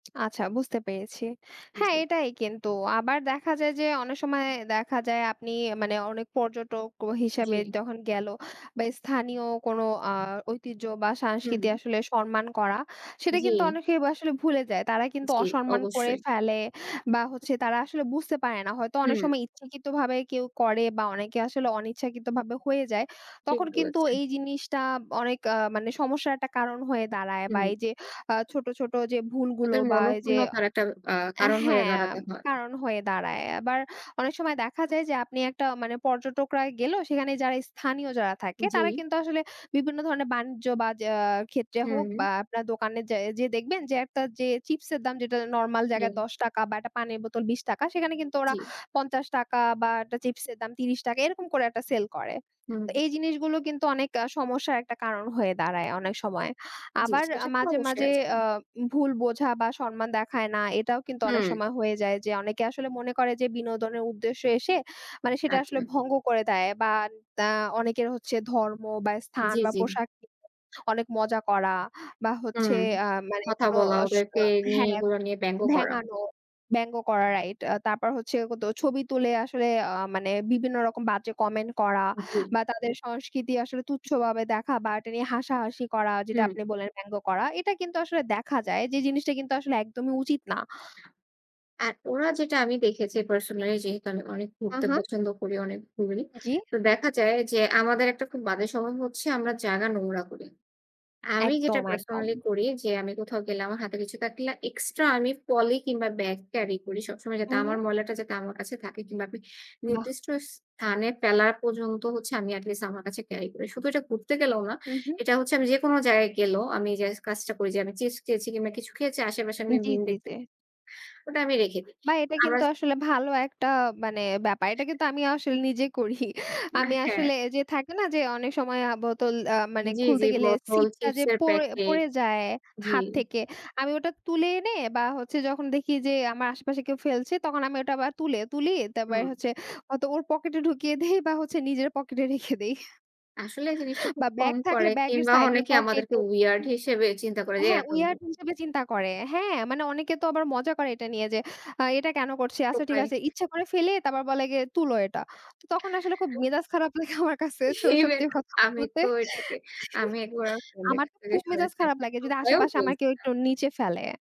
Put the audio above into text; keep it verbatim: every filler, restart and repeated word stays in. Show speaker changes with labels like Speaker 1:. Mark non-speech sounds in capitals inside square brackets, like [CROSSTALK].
Speaker 1: আচ্ছা বুঝতে পেরেছি। হ্যাঁ,
Speaker 2: জি।
Speaker 1: এটাই কিন্তু। আবার দেখা যায় যে অনেক সময় দেখা যায় আপনি মানে অনেক পর্যটক ও হিসেবে
Speaker 2: জি।
Speaker 1: যখন গেল বা স্থানীয় কোনো আ ঐতিহ্য বা সাংস্কৃতি
Speaker 2: হুম।
Speaker 1: আসলে সরমান করা। সেটা কিন্তু
Speaker 2: জি।
Speaker 1: অনেকেই বাসলে ভুলে যায়। তারা কিন্তু
Speaker 2: জি,
Speaker 1: অসম্মান করে
Speaker 2: অবশ্যই।
Speaker 1: ফেলে বা হচ্ছে তারা আসলে বুঝতে পারে না। হয়তো অনেক
Speaker 2: হুম।
Speaker 1: সময় ইচ্ছাকৃতভাবে কেউ করে বা অনেকে আসলে অনিচ্ছাকৃতভাবে হয়ে যায়।
Speaker 2: ঠিক
Speaker 1: তখন কিন্তু
Speaker 2: বলেছেন।
Speaker 1: এই জিনিসটা অনেক আ মানে সমস্যার একটা কারণ হয়ে দাঁড়ায়। বা
Speaker 2: হুম।
Speaker 1: এই যে আ ছোট, ছোট যে ভুলগুলো
Speaker 2: তাদের
Speaker 1: বা এই যে
Speaker 2: মনক্ষুণ্নতার একটা আ
Speaker 1: অ্যা
Speaker 2: কারণ হয়ে
Speaker 1: হ্যাঁ,
Speaker 2: দাঁড়াতে হয়।
Speaker 1: কারণ হয়ে দাঁড়ায়। আবার অনেক সময় দেখা যায় যে আপনি একটা মানে পর্যটকরা গেল। সেখানে যারা স্থানীয় যারা থাকে তারা,
Speaker 2: জি।
Speaker 1: কিন্তু আসলে বিভিন্ন ধরনের বাণিজ্য বা যা ক্ষেত্রে হোক বা
Speaker 2: হুম।
Speaker 1: আপনার দোকানে যা যেয়ে দেখবেন যে একতা যে চিপসের দাম যেটা নরমাল জায়গায়
Speaker 2: জি।
Speaker 1: দশ টাকা বা অ্যাটা পানির বোতল বিশ টাকা, সেখানে কিন্তু ওরা
Speaker 2: জি।
Speaker 1: পঞ্চাশ টাকা বা একটা চিপসের দাম ত্রিশ টাকা এরকম করে একটা সেল করে।
Speaker 2: হুম।
Speaker 1: তো এই জিনিসগুলো কিন্তু অনেক আ সমস্যার একটা কারণ হয়ে দাঁড়ায় অনেক সময়।
Speaker 2: জি।
Speaker 1: আবার আ
Speaker 2: সেসব তো
Speaker 1: মাঝে,
Speaker 2: অবশ্যই
Speaker 1: মাঝে
Speaker 2: আছে।
Speaker 1: আ ভুল বোঝা বা সম্মান দেখায় না এটাও কিন্তু অনেক
Speaker 2: হুম।
Speaker 1: সময় হয়ে যায়। যে অনেকে আসলে মনে করে যে বিনোদনের উদ্দেশ্যে এসে মানে সেটা আসলে
Speaker 2: আচ্ছা।
Speaker 1: ভঙ্গ করে দেয়। বা দা অনেকের হচ্ছে ধর্ম বা স্থান
Speaker 2: জি,
Speaker 1: বা
Speaker 2: জি।
Speaker 1: পোশাক [UNINTELLIGIBLE] অনেক মজা করা। বা হচ্ছে
Speaker 2: হুম।
Speaker 1: আ মানে
Speaker 2: কথা
Speaker 1: কোনো
Speaker 2: বলা,
Speaker 1: অসরো
Speaker 2: ওদেরকে নিয়ে,
Speaker 1: হ্যাঁ
Speaker 2: এগুলা নিয়ে ব্যাঙ্গ করা।
Speaker 1: ভেঙানো, ব্যাঙ্গো করা এটা। তারপর হচ্ছে ওতো ছবি তুলে আসলে আ মানে বিভিন্ন রকম বাজে কমেন্ট করা।
Speaker 2: জি।
Speaker 1: বা তাদের সংস্কৃতি আসলে তুচ্ছভাবে দেখা বা এটা নিয়ে হাসাহাসি করা, যেটা
Speaker 2: হুম।
Speaker 1: আপনি বললেন ব্যাঙ্গো করা। এটা কিন্তু আসলে দেখা যায় যে জিনিসটা কিন্তু আসলে একদমই উচিত না।
Speaker 2: আর ওরা যেটা আমি দেখেছি personally, যেহেতু আমি অনেক
Speaker 1: উ
Speaker 2: ঘুরতে
Speaker 1: হু।
Speaker 2: পছন্দ করি, অনেক ঘুরি।
Speaker 1: জি।
Speaker 2: তো দেখা যায় যে আমাদের একটা খুব বাজে স্বভাব হচ্ছে আমরা জায়গা নোংরা করি। আমি যেটা
Speaker 1: একদম, একদম।
Speaker 2: personally করি যে আমি কোথাও গেলে, আমার হাতে কিছু থাকলে, extra আমি পলি কিংবা bag carry করি সবসময়। যাতে
Speaker 1: হুম,
Speaker 2: আমার
Speaker 1: হুম।
Speaker 2: ময়লাটা যাতে আমার কাছে থাকে কিংবা আপি
Speaker 1: বাহ!
Speaker 2: নির্দিষ্ট স্থানে ফেলার পর্যন্ত হচ্ছে আমি at least আমার কাছে carry করি। শুধু এটা ঘুরতে গেলেও না,
Speaker 1: হুম, হুম।
Speaker 2: এটা হচ্ছে আমি যেকোনো যায়ায় গেলেও আমি এই যে কাজটা করি যে আমি chips খেয়েছি কিংবা কিছু খেয়েছি। আশেপাশে আমি
Speaker 1: জি,
Speaker 2: bin
Speaker 1: জি
Speaker 2: দেখতে
Speaker 1: জি।
Speaker 2: ওটা আমি রেখে দিই।
Speaker 1: বা এটা
Speaker 2: আমরা
Speaker 1: কিন্তু আসলে ভালো একটা মানে ব্যাপার। এটা কিন্তু আমিও আসলে নিজে করি।
Speaker 2: উ
Speaker 1: আমি
Speaker 2: হ্যাঁ।
Speaker 1: আসলে যে থাকে না যে অনেক সময় আ বোতল আ মানে
Speaker 2: জি, জি।
Speaker 1: খুলতে গেলে
Speaker 2: বোতল,
Speaker 1: সিপটা যে
Speaker 2: চিপসের
Speaker 1: পড়
Speaker 2: প্যাকেট।
Speaker 1: পড়ে যায়
Speaker 2: জি।
Speaker 1: হাত থেকে, আমি ওটা তুলে এনে বা হচ্ছে যখন দেখি যে আমার আশেপাশে কেউ ফেলছে তখন আমি ওটা আবার তুলে তুলি। তারপর
Speaker 2: হুম।
Speaker 1: হচ্ছে হতো ওর পকেটে ঢুকিয়ে দেই বা হচ্ছে নিজের পকেটে রেখে দেই
Speaker 2: আসলে এই জিনিসটা
Speaker 1: বা
Speaker 2: খুব
Speaker 1: ব্যাগ
Speaker 2: কম
Speaker 1: থাকলে
Speaker 2: করে
Speaker 1: ব্যাগের
Speaker 2: কিংবা
Speaker 1: সাইডের
Speaker 2: অনেকে আমাদেরকে
Speaker 1: পকেটে
Speaker 2: weird
Speaker 1: হু।
Speaker 2: হিসেবে চিন্তা করে। যে
Speaker 1: হ্যাঁ,
Speaker 2: এতগু
Speaker 1: weird হিসেবে চিন্তা করে। হ্যাঁ, মানে অনেকে তো আবার মজা করে এটা নিয়ে যে, আ এটা কেন করছি? আচ্ছা ঠিক
Speaker 2: টোকাই।
Speaker 1: আছে ইচ্ছা করে ফেলে তারপর বলে গিয়ে, "তুলো এটা।" তো তখন আসলে খুব
Speaker 2: ত
Speaker 1: মেজাজ খারাপ লাগে আমার কাছে স
Speaker 2: সেই
Speaker 1: সত্যি
Speaker 2: ব্যাগ।
Speaker 1: কথা
Speaker 2: আমি
Speaker 1: বলতে।
Speaker 2: তো এটাকে
Speaker 1: [CHUCKLES]
Speaker 2: আমি একবার আমার friend-দের
Speaker 1: আমার
Speaker 2: কাছ
Speaker 1: তো
Speaker 2: থেকে
Speaker 1: খুব মেজাজ
Speaker 2: শুনেছি,
Speaker 1: খারাপ
Speaker 2: আমাকে
Speaker 1: লাগে যদি
Speaker 2: টোকাইও
Speaker 1: আশেপাশে আমার
Speaker 2: বলছে।
Speaker 1: কেউ একটু নিচে ফেলে।